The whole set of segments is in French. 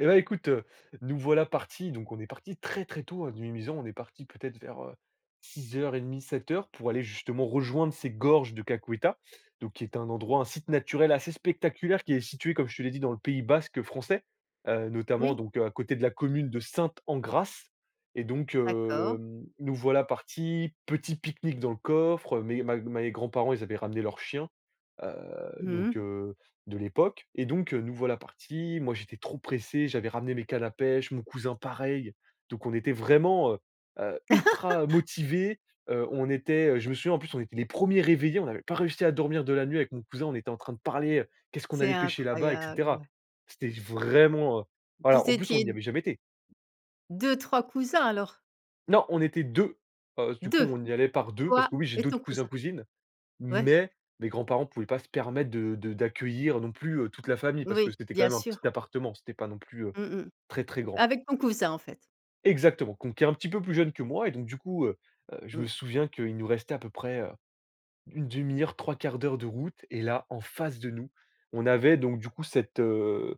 Et bah écoute, heu, nous voilà partis, donc on est parti très, très tôt de Mimizan, on est parti peut-être vers, heu, 06:30-07:00 pour aller justement rejoindre ces gorges de Kakuetta, donc qui est un endroit, un site naturel assez spectaculaire qui est situé comme je te l'ai dit dans le pays basque français, heu, notamment Oui. donc à côté de la commune de Sainte-Engrâce et donc D'accord. hem, nous voilà partis, petit pique-nique dans le coffre, mes ma mes grands-parents ils avaient ramené leur chien, heu, donc Mmh. heu, de l'époque et donc nous voilà partis, moi j'étais trop pressé, j'avais ramené mes cannes à pêche, mon cousin pareil, donc on était vraiment, heu heu, ultra motivés, heu, on était, je me souviens, en plus, on était les 1ers réveillés, on avait pas réussi à dormir de la nuit avec mon cousin, on était en train de parler, heu, qu'est-ce qu'on C'est allait pêcher là-bas et cetera. incroyable! C'était j vraiment, heu, voilà, Vous en plus on étiez y d avait jamais été! 2-3 cousins alors? Non, on était 2, heu, du coup 2. on y allait par 2, parce Toi que oui j'ai et ton d'autres cousins, cousin. cousines, Ouais. mais mes grands-parents pouvaient pas se permettre de de d'accueillir non plus, heu, toute la famille, parce que Oui, c'était quand bien même un sûr. petit appartement, c'était pas non plus, heu, Mmh mh. très très grand. Avec ton cousin en fait. Exactement! Qu'on qui est un petit peu plus jeune que moi, et donc du coup, heu heu, je me Mmh. souviens qu'il nous restait à peu près, heu, 1/2 heure, 3/4 de route, et là en face de nous, on avait donc du coup cette, heu,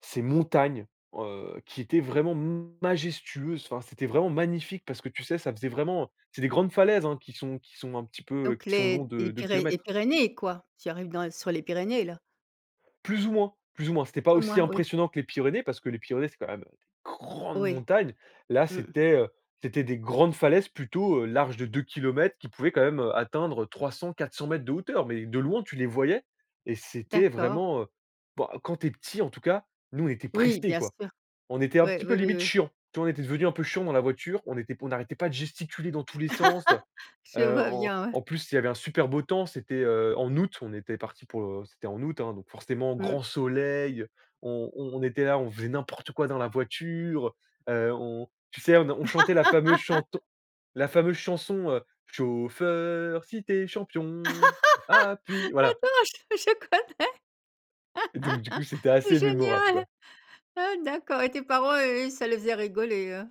ces montagnes, heu, qui étaient vraiment m majestueuses, enfin c'était vraiment magnifique parce que tu sais ça faisait vraiment c'est des grandes falaises hein qui sont qui sont un petit peu Donc qui sont les longs d de les 2 Pyré les kilomètres. Pyrénées, quoi. Tu arrives dans sur les Pyrénées là. Plus ou moins, plus ou moins. C'était pas Comme aussi moi oui. impressionnant que les Pyrénées parce que les Pyrénées c'est quand même, heu, grande Oui. montagne. Là Mmh. c'était, heu, c'était des grandes falaises plutôt larges de 2 kilomètres qui pouvaient quand même atteindre 300-400 m de hauteur, mais de loin tu les voyais et c'était D'accord. vraiment, heu, bah quand tu es petit en tout cas, nous on était Oui, pressé, bien quoi. sûr. On était un Ouais. petit peu Oui, oui, limite oui. chiant, tu vois? On était devenu un peu chiant dans la voiture, on était on arrêtait pas de gesticuler dans tous les sens. Je Heu, vois en bien, ouais. en plus, il y avait un super beau temps, c'était, heu, en août, on était parti pour, heu, c'était en août, hein donc forcément Mmh. grand soleil, on on était là, on faisait n'importe quoi dans la voiture, heu, on tu sais on n on chantait la fameuse chanson la fameuse chanson, heu: «Chauffeur si tu es champion, appuie». Voilà Attends! Je je et donc du coup, connais! c'était assez mémorable, Génial! quoi. Ah d'accord, et tes parents eux, ça les faisait rigoler, hein?